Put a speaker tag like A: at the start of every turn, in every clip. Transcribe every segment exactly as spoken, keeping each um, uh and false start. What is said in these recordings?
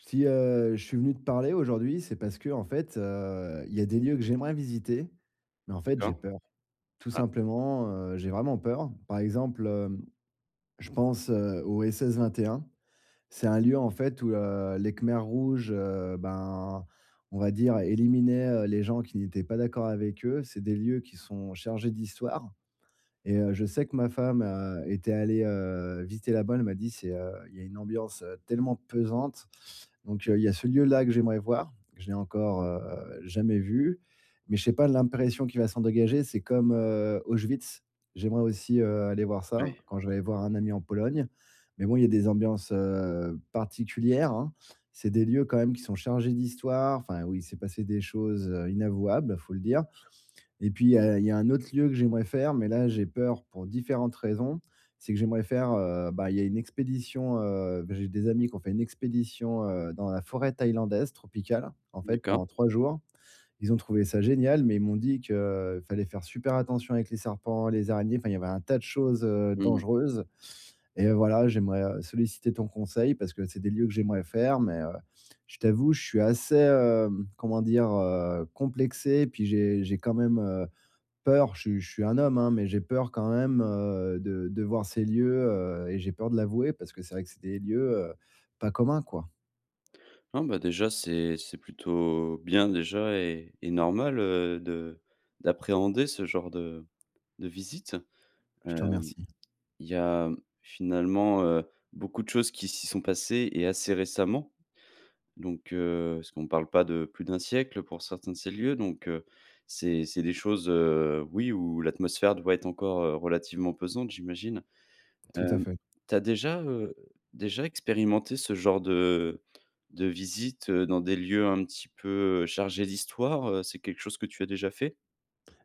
A: Si, heu, je suis venu te parler aujourd'hui, c'est parce qu'en fait, heu, il y a des lieux que j'aimerais visiter, mais, en fait, j'ai
B: D'accord.
A: peur. Tout
B: Ah
A: simplement, heu, j'ai vraiment peur. Par exemple, je pense au SS21. C'est un lieu, en fait, où, heu, les Khmers rouges, heu, ben, on va dire éliminaient, heu, les gens qui n'étaient pas d'accord avec eux. C'est des lieux qui sont chargés d'Histoire et heu, je sais que ma femme a était allée, heu, visiter là bas. Elle m'a dit: «C'est, heu il y a une ambiance tellement pesante». Donc, il y a ce lieu-là que j'aimerais voir. Je l'ai encore, heu, jamais vu, mais je sais pas l'impression qu'il va s'en dégager. C'est comme, heu, Auschwitz. J'aimerais aussi, heu, aller voir ça,
B: Oui.
A: quand j'irai voir un ami en Pologne. Mais bon, il y a des ambiances, heu, particulières, hein. C'est des lieux, quand même, qui sont chargés d'Histoire. Enfin, où il s'est passé des choses inavouables, faut le dire. Et puis, il y a il y a un autre lieu que j'aimerais faire, mais là, j'ai peur pour différentes raisons. C'est que j'aimerais faire, heu bah, il y a une expédition, heu beh, j'ai des amis qui ont fait une expédition, heu, dans la forêt thaïlandaise tropicale, en fait,
B: D'accord.
A: pendant trois jours. Ils ont trouvé ça génial, mais ils m'ont dit que fallait faire super attention avec les serpents, les araignées. Enfin, il y avait un tas de choses, heu,
B: Mmh.
A: dangereuses. Et heu, voilà, j'aimerais solliciter ton conseil parce que c'est des lieux que j'aimerais faire, mais, heu, je t'avoue, je suis assez, heu, comment dire, heu, complexé. Puis j'ai j'ai quand même, heu, peur. Je suis je suis un homme, hein, mais j'ai peur quand même, heu, de de voir ces lieux, heu. Et j'ai peur de l'avouer parce que c'est vrai que c'est des lieux, heu, pas communs, quoi.
B: Ah, bah déjà, c'est c'est plutôt bien, déjà et et normal, heu, de d'appréhender ce genre de de visite.
A: Je
B: Heu,
A: te remercie.
B: il y a, finalement, heu, beaucoup de choses qui s'y sont passées et assez récemment. Donc heu, parce qu'on parle pas de plus d'un siècle pour certains de ces lieux, donc heu, c'est c'est des choses, heu, oui, où l'atmosphère doit être encore, heu, relativement pesante, j'imagine.
A: Tout à
B: Hem,
A: fait.
B: tu as déjà, heu, déjà expérimenté ce genre de, heu, de visites, heu, dans des lieux un petit peu, heu, chargés d'Histoire? Heu, c'est quelque chose que tu as déjà fait?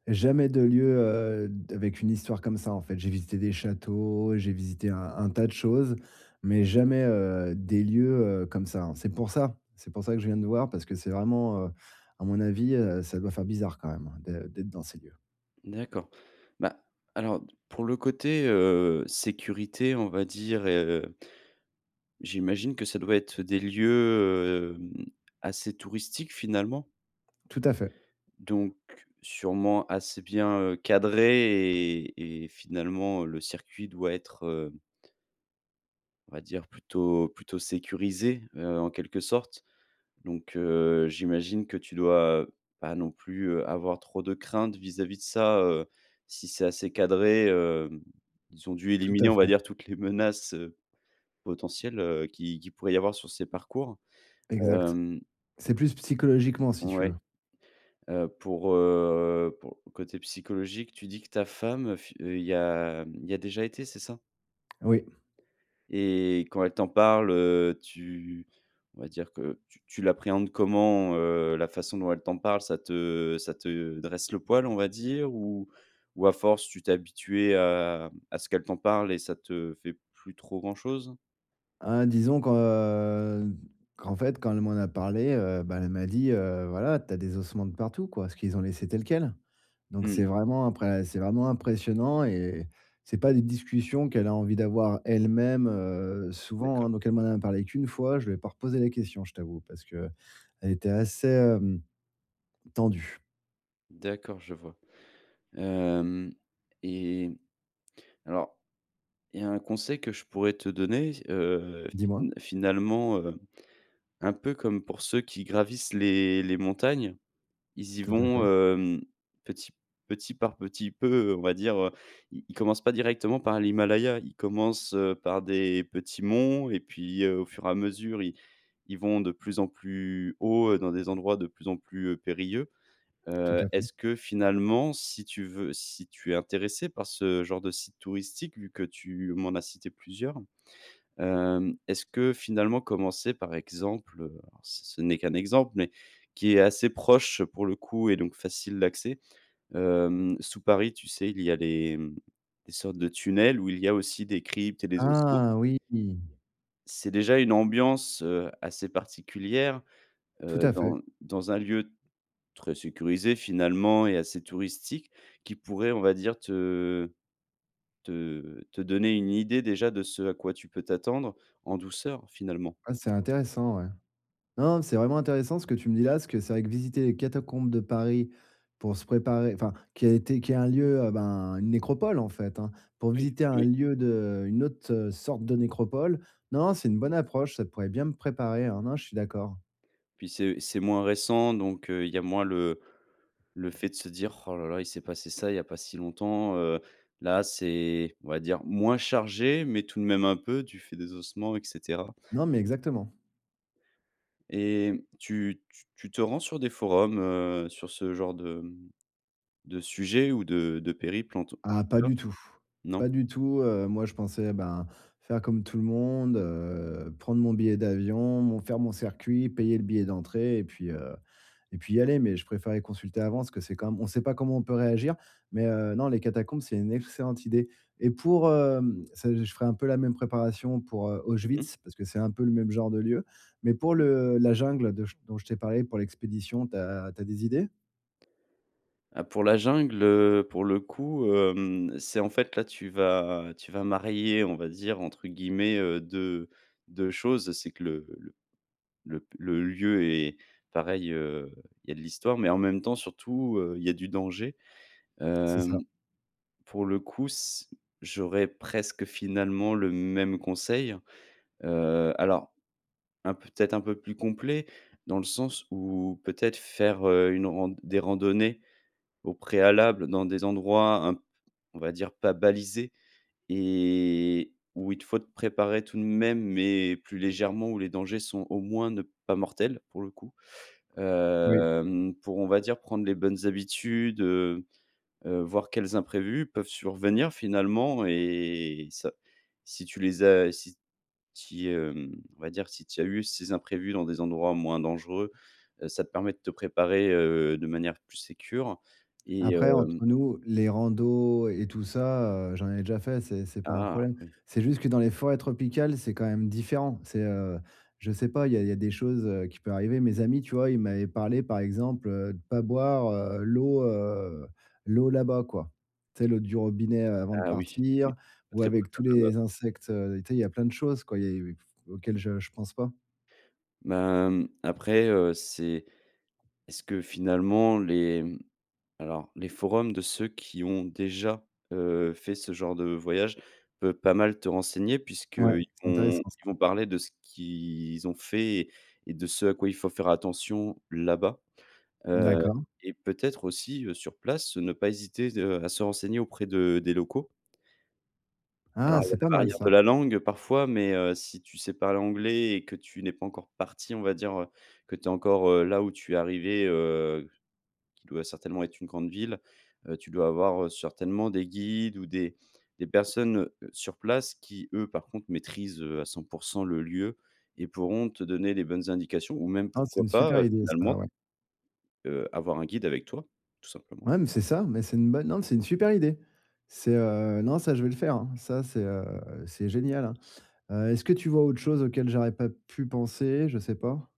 A: Jamais de lieux, heu, d avec une histoire comme ça, en fait. J'ai visité des châteaux, j'ai visité un un tas de choses, mais
B: [unintelligible]
A: jamais, heu, des lieux, heu, comme ça. C'est pour ça. C'est pour ça que je viens te voir parce que c'est vraiment, heu, à mon avis, heu, ça doit faire bizarre quand même d'ê d'être dans ces lieux.
B: D'accord. Bah, alors pour le côté, heu, sécurité, on va dire et heu j'imagine que ça doit être des lieux, heu, hem, assez touristiques, finalement
A: Tout à fait.
B: donc sûrement, assez bien, heu, cadrés et et finalement, le circuit doit être, heu on va dire plutôt plutôt sécurisé, heu, en quelque sorte. Donc heu, j'imagine que tu dois pas non plus, heu, avoir trop de craintes vis-à-vis de ça, heu, si c'est assez cadré. Hem, ils ont dû
A: Tout
B: éliminer,
A: à
B: on va
A: fait.
B: dire, toutes les menaces, heu, potentielles, heu, qui qui pourraient y avoir sur ces parcours.
A: Exact.
B: Hem.
A: C'est plus psychologiquement, si tu
B: Ouais.
A: veux.
B: Heu, pour, heu, pour côté psychologique, tu dis que ta femme, fi y a y a déjà été, c'est ça?
A: Oui.
B: Et quand elle t'en parle, heu, tu on va dire que tu tu l'appréhendes comment, heu, la façon dont elle t'en parle? Ça te ça te dresse le poil, on va dire, ou ou à force, tu t'es habitué à à ce qu'elle t'en parle et ça te fait plus trop grand chose?
A: Ah, disons que, heu, qu'en fait, quand elle m'en a parlé, heu, bah, elle m'a dit, heu: «Voilà, tu as des ossements de partout», quoi, parce qu'ils ont laissé tel quel. Donc
B: Mmh.
A: c'est vraiment imprè c'est vraiment impressionnant et et c'est pas des discussions qu'elle a envie d'avoir, elle-même, heu, souvent,
B: D'accord.
A: hein, donc elle m'en a parlé qu'une fois, je lui ai pas reposé la question, je t'avoue, parce qu'elle était assez, hem, tendue.
B: D'accord je vois. Hem, et alors il y a un conseil que je pourrais te donner, heu,
A: Dis-moi.
B: fina finalement, heu, un peu comme pour ceux qui gravissent les les montagnes, ils y
A: Tout à
B: vont,
A: fait.
B: hem, petit petit par petit peu, on va dire, heu, ils commencent pas directement par l'Himalaya. Ils commencent, heu, par des petits monts et puis au fur et à mesure, ils ils vont de plus en plus haut dans des endroits de plus en plus, heu, périlleux.
A: Tout
B: Heu,
A: à fait.
B: est-ce que finalement, si tu veux si tu es intéressé par ce genre de site touristique, vu que tu m'en as cité plusieurs, hem, est-ce que, finalement, commencer par exemple- ce n'est qu'un exemple, mais qui est assez proche pour le coup et donc facile d'accès- hem, sous Paris, tu sais, il y a des sortes de tunnels où il y a aussi des cryptes et des ossements
A: Ah! Oui.
B: c'est déjà une ambiance, heu, assez particulière,
A: Tout
B: heu,
A: à fait.
B: dans dans un lieu très sécurisé, finalement, et assez touristique, qui pourrait, on va dire, te te te donner une idée déjà de ce à quoi tu peux t'attendre en douceur, finalement.
A: Ah c'est intéressant, ouais. Non, c'est vraiment intéressant ce que tu me dis là, parce que c'est vrai que visiter les catacombes de Paris pour se préparer, enfin qui a été qui est un lieu ben, une nécropole en fait, hein, pour
B: Oui,
A: visiter un
B: oui.
A: lieu de une autre sorte de nécropole, non c'est une bonne approche, ça pourrait bien me préparer, hein, non, je suis d'accord.
B: Puis c'est c'est moins récent, donc heu, il y a moins le le fait de se dire: «Ouh là là, il s'est passé ça, il n'y a pas si longtemps». Heu, là, c'est on va dire moins chargé, mais tout de même un peu, du fait des ossements et cetera.
A: Non mais exactement.
B: Et tu tu te rends sur des forums, heu, sur ce genre de de sujet ou de de périple en tout
A: Ah pas
B: cas
A: du tout. Pas
B: non?
A: du tout, heu, moi je pensais ben faire comme tout le monde, heu, prendre mon billet d'avion, mon faire mon circuit, payer le billet d'entrée et puis heu et puis y aller, mais je préférais consulter avant parce que c'est quand même on sait pas comment on peut réagir, mais heu, non les catacombes c'est une excellente idée. Et pour, heu, s je ferai un peu la même préparation pour
B: Mmh mh.
A: Auschwitz parce que c'est un peu le même genre de lieu, mais pour
B: Oui.
A: le la jungle de dont je t'ai parlé pour l'expédition, tu as tu as des idées?
B: Ah pour la jungle, heu, pour le coup, hem, c'est en fait là, tu vas tu vas «marier» on va dire entre guillemets deux deux choses, c'est que le le le lieu est pareil, heu, il y a de l'histoire, mais en même temps surtout, heu, il y a du danger.
A: C'est ça.
B: Hem pour le coup, s j'aurais presque finalement le même conseil. Heu, alors un, peut-être, un peu plus complet, dans le sens où peut-être faire, heu, une rand des randonnées au préalable dans des endroits un peu, on va dire pas balisés, et où il te faut préparer tout de même, mais plus légèrement, où les dangers sont au moins ne pas mortels, pour le coup
A: Oui.
B: hem, pour, on va dire prendre les bonnes habitudes, heu heu, voir quels imprévus peuvent survenir finalement et ça si tu les as, si si, hem on va dire si tu as eu ces imprévus dans des endroits moins dangereux, ça te permet de te préparer, heu, de manière plus sécure et
A: Après,
B: hem
A: entre nous, les randos et tout ça, heu, j'en ai déjà fait, c'est c'est pas un
B: Ah!
A: problème.
B: Oui.
A: C'est juste que dans les forêts tropicales, c'est quand même, différent. C'est, heu, je sais pas, il y a il y a des choses qui peuvent arriver. Mes amis tu vois, ils m'avaient parlé, par exemple, heu, de pas boire l'eau, heu, l'eau, là-bas, quoi. Tu sais, l'eau du robinet avant de
B: Ah! Oui, oui.
A: partir
B: Pas
A: ou
B: très
A: avec tous
B: potable,
A: les
B: là-bas.
A: insectes, tu sais, il y a plein de choses, quoi, il y a il y a auxquelles je je pense pas.
B: Bah, hem, après, heu, c'est est-ce que finalement les alors, les forums de ceux qui ont déjà, heu, fait ce genre de voyage peut pas mal te renseigner
A: Ouais,
B: puisqu'ils
A: c'est
B: vont
A: intéressant
B: ils
A: ça.
B: vont parler de ce qu'ils ont fait et de ce à quoi il faut faire attention, là-bas. Heu
A: D'accord.
B: et peut-être aussi, heu, sur place, ne pas hésiter, heu, à se renseigner auprès de des locaux. Alors
A: Ah!
B: il y a
A: C'est pas
B: la
A: mal
B: barrière
A: ça.
B: de la langue parfois, mais heu, si tu sais parler anglais et que tu n'es pas encore parti, on va dire que tu es encore là où tu es arrivé, heu, qui doit certainement être une grande ville, heu, tu dois avoir certainement des guides ou des des personnes, heu, sur place qui eux, par contre, maîtrisent, heu, à cent pour cent le lieu et pourront te donner les bonnes indications ou même
A: Ah! C'est
B: pourquoi
A: une super
B: pas, heu,
A: idée ça,
B: finalement
A: ouais.
B: heu, avoir un guide avec toi, tout simplement.
A: Ouais mais c'est ça, mais c'est une bonne non c'est une super idée. C'est, heu non, ça je vais le faire, hein, ça c'est, heu, c'est génial, hein. Heu, est-ce que tu vois autre chose auquel j'aurais pas pu penser? Je sais pas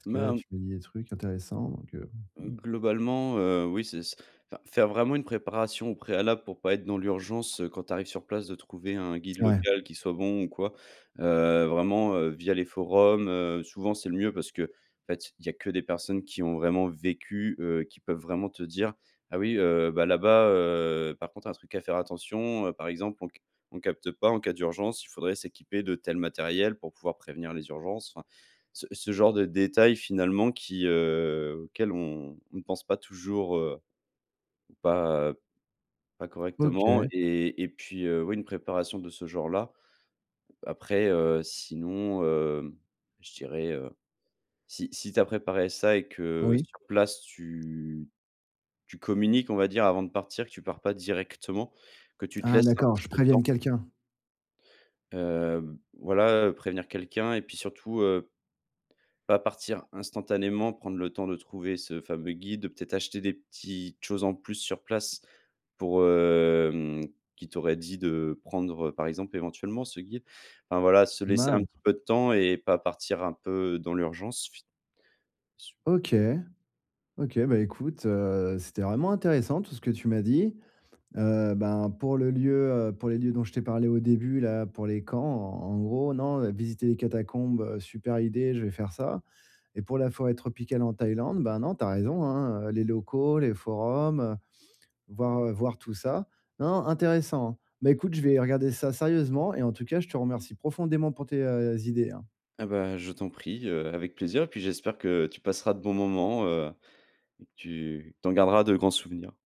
A: parce que là,
B: Ben
A: tu me dis des trucs intéressants donc heu, mmh.
B: Globalement, heu, oui, c'est c'est enfin, faire vraiment une préparation au préalable pour pas être dans l'urgence quand tu arrives sur place de trouver un guide
A: Ouais.
B: local qui soit bon ou quoi. Heu, vraiment, heu, via les forums, heu, souvent, c'est le mieux parce que, en fait, il y a que des personnes qui ont vraiment vécu, heu, qui peuvent vraiment te dire: «Ah oui, heu, bah là-bas, heu, par contre un truc à faire attention, heu, par exemple, on c on capte pas, en cas d'urgence, il faudrait s'équiper de tel matériel pour pouvoir prévenir les urgences». Enfin, ce ce genre de détails, finalement, qui, heu, auquel on ne pense pas toujours, heu, pas pas correctement,
A: OK.
B: et et puis heu, oui une préparation de ce genre-là. Après heu, sinon, heu, je dirais, heu, si si tu as préparé ça et que
A: Oui.
B: sur place tu tu communiques, on va dire, avant de partir, que tu pars pas directement, que tu te
A: Ah
B: laisses un
A: d'accord,
B: petit
A: je
B: peu de
A: prévienne
B: temps
A: quelqu'un.
B: Hem, voilà, prévenir quelqu'un et puis surtout, heu, pas partir instantanément, prendre le temps de trouver ce fameux guide, peut-être acheter des petites choses en plus sur place pour, hem qui t'aurait dit de prendre, heu, par exemple, éventuellement ce guide. Enfin voilà, se
A: Pas
B: laisser un
A: mal!
B: petit peu de temps et pas partir un peu dans l'urgence. [unintelligible]
A: OK. OK, bah écoute, heu, c'était vraiment intéressant tout ce que tu m'as dit. Heu, ben pour le lieu, heu, pour les lieux dont je t'ai parlé au début, là, pour les camps, en en gros, non, visiter les catacombes: super idée, je vais faire ça, et pour la forêt tropicale en Thaïlande, bah non, tu as raison, hein, les locaux, les forums, heu, voir voir tout ça. Non, intéressant, hein. Beh écoute je vais regarder ça sérieusement, et en tout cas, je te remercie profondément pour tes, heu, idées, hein.
B: Ah bah je t'en prie, heu, avec plaisir et puis j'espère que tu passeras de bons moments, heu et que tu t'en garderas de grands souvenirs.